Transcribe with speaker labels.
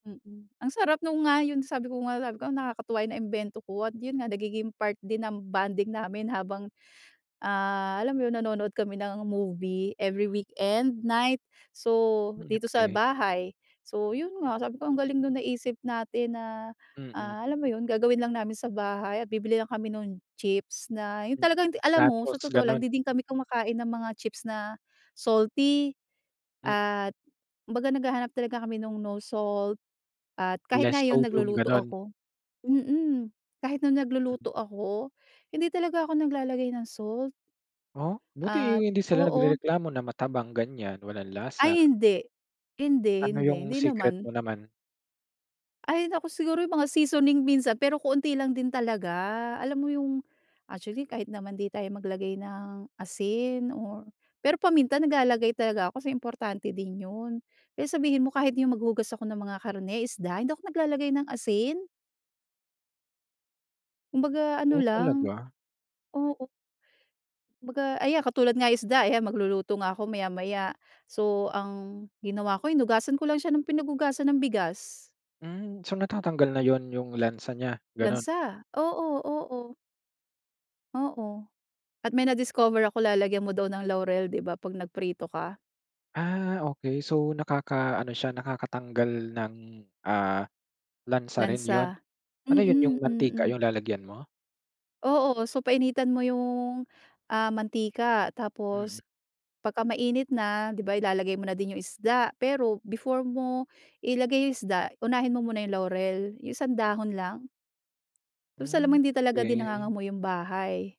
Speaker 1: Mm. Ang sarap no'ng nga yon. Sabi ko nga sabi ko, "Nakakatuwa 'yong naimbento ko." At 'yon nga nagiging part din ng bonding namin habang, ah, alam mo 'yon, nanonood kami ng movie, every weekend, night. So,
Speaker 2: Hmm,
Speaker 1: dito sa
Speaker 2: okey.
Speaker 1: bahay. So 'yon nga, sabi ko ang galing no'ng naisip natin na
Speaker 2: Mm.
Speaker 1: ah, alam mo 'yon, gagawin lang namin sa bahay at bibili lang kami no'ng chips na 'yon.
Speaker 2: Mm.
Speaker 1: Talagang alam mo sa
Speaker 2: Nachos,
Speaker 1: totoo lang,
Speaker 2: gano'n?
Speaker 1: 'di din kami kumakain ng mga chips na salty.
Speaker 2: Mm.
Speaker 1: At kumbaga naghahanap talaga kami no'ng, no salt, at kahit
Speaker 2: Less
Speaker 1: ngayon
Speaker 2: sodium,
Speaker 1: nagluluto
Speaker 2: gano'n?
Speaker 1: ako. Mm, kahit no'ng
Speaker 2: Mm.
Speaker 1: nagluluto ako, hindi talaga ako naglalagay ng salt.
Speaker 2: Oh? Buti
Speaker 1: At
Speaker 2: hindi sila
Speaker 1: oo.
Speaker 2: nagrereklamo na matabang, ganyan. Walang lasa.
Speaker 1: Ay, hindi! Hindi,
Speaker 2: Ano
Speaker 1: hindi. Hindi
Speaker 2: 'yong secret
Speaker 1: naman.
Speaker 2: mo naman?
Speaker 1: Ay, naku siguro 'yong mga seasoning minsan. Pero kaunti lang din talaga. Alam mo 'yong actually, kahit naman 'di tayo maglagay ng asin or pero paminta, naglalagay talaga ako, kasi importante din 'yon. Eh, sabihin mo kahit 'yong maghugas ako ng mga karne, isda, hindi ako naglalagay ng asin. Kumbaga, ano
Speaker 2: Oh,
Speaker 1: lang.
Speaker 2: talaga?
Speaker 1: Oo. Kumbaga ayan katulad nga isda, ayan, magluluto nga ako maya-maya. So, ang ginawa ko, hinugasan ko lang siya ng pinaghugasan ng bigas.
Speaker 2: Mm. So, natatanggal na 'yon, 'yong lansa niya, gano'n?
Speaker 1: Lansa? Oo, oo. Oo. At may na-discover ako, lalagyan mo daw ng laurel, 'di ba, 'pag nagprito ka?
Speaker 2: Ah, okey. So, nakakaano siya, nakakatanggal ng, ah, lansa rin 'yon?
Speaker 1: Lansa.
Speaker 2: Ano 'yon, 'yong
Speaker 1: Mm,
Speaker 2: mantika
Speaker 1: Mm.
Speaker 2: 'yong lalagyan mo?
Speaker 1: Oo. So, painitan mo 'yong ah, mantika. Tapos
Speaker 2: Mm.
Speaker 1: pagka mainit na, 'di ba, ilalagay mo na din 'yong isda. Pero, before mo ilagay 'yong isda, unahin mo muna 'yong laurel, 'yong isang dahon lang. Tapos alam mo
Speaker 2: Mm,
Speaker 1: hindi talaga din
Speaker 2: okey.
Speaker 1: nangangamoy 'yong bahay.